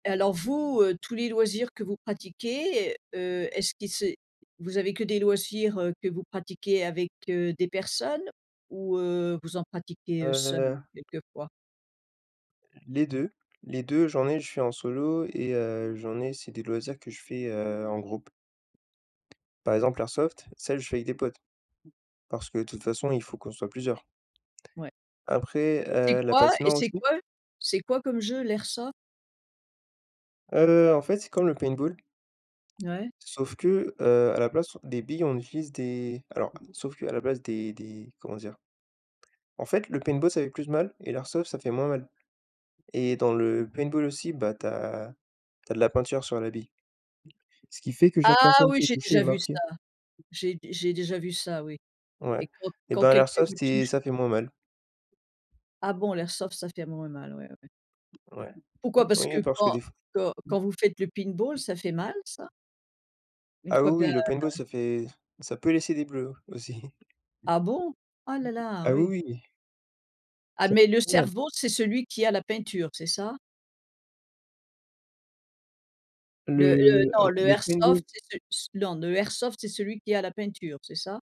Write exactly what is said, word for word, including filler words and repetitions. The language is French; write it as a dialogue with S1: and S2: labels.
S1: Alors vous, heu, tous les loisirs que vous pratiquez, heu, est-ce qu'ils se vous avez que des loisirs, heu, que vous pratiquez avec, heu, des personnes ou heu, vous en pratiquez, heu, seul,
S2: Heu.
S1: quelque fois?
S2: Les deux. Les deux j'en ai je suis en solo et heu, j'en ai c'est des loisirs que je fais, heu, en groupe. Par exemple l' airsoft, ça je fais avec des potes. Parce que de toute façon, il faut qu'on soit plusieurs.
S1: Ouais.
S2: Après,
S1: Et c'est
S2: heu, la
S1: quoi? Et
S2: patinoire
S1: c'est
S2: aussi.
S1: quoi? C'est quoi comme jeu l' airsoft?
S2: Heu, en fait c'est comme le paintball
S1: Ouais.
S2: sauf que, heu, à la place des billes on utilise des alors, sauf qu'à la place des des, comment dire? En fait le paintball ça fait plus mal, et l' airsoft ça fait moins mal. Et dans le paintball aussi, bah, tu as tu as de la peinture sur la bille. Ce qui fait que chaque
S1: Ah
S2: personne
S1: oui!
S2: qui est
S1: J'ai
S2: touchée est
S1: déjà vu ça!
S2: marquée.
S1: J'ai d j'ai déjà vu ça oui. Et
S2: Ouais,
S1: quand
S2: et
S1: quand
S2: ben l'
S1: quelqu'un
S2: airsoft,
S1: vous
S2: c'est
S1: touche
S2: ça fait moins mal.
S1: Ah bon? L'airsoft ça fait moins mal ouais, ouais.
S2: Ouais,
S1: Pourquoi? Parce que
S2: oui parce que
S1: quand
S2: des f
S1: quand quand vous faites le paintball ça fait mal, ça? Une
S2: Ah
S1: fois que
S2: oui,
S1: la
S2: oui le paintball
S1: la
S2: ça fait ça peut laisser des bleus, aussi.
S1: Ah bon? Oh là là!
S2: Ah, oui,
S1: Oui.
S2: oui, oui.
S1: Ah,
S2: Ça
S1: mais le
S2: fait trop mal!
S1: cerveau, c'est celui qui a la peinture, c'est ça? Le
S2: Le
S1: le
S2: a
S1: non le
S2: le paintball.
S1: airsoft, c'est ce c non, le airsoft c'est celui qui a la peinture, c'est ça?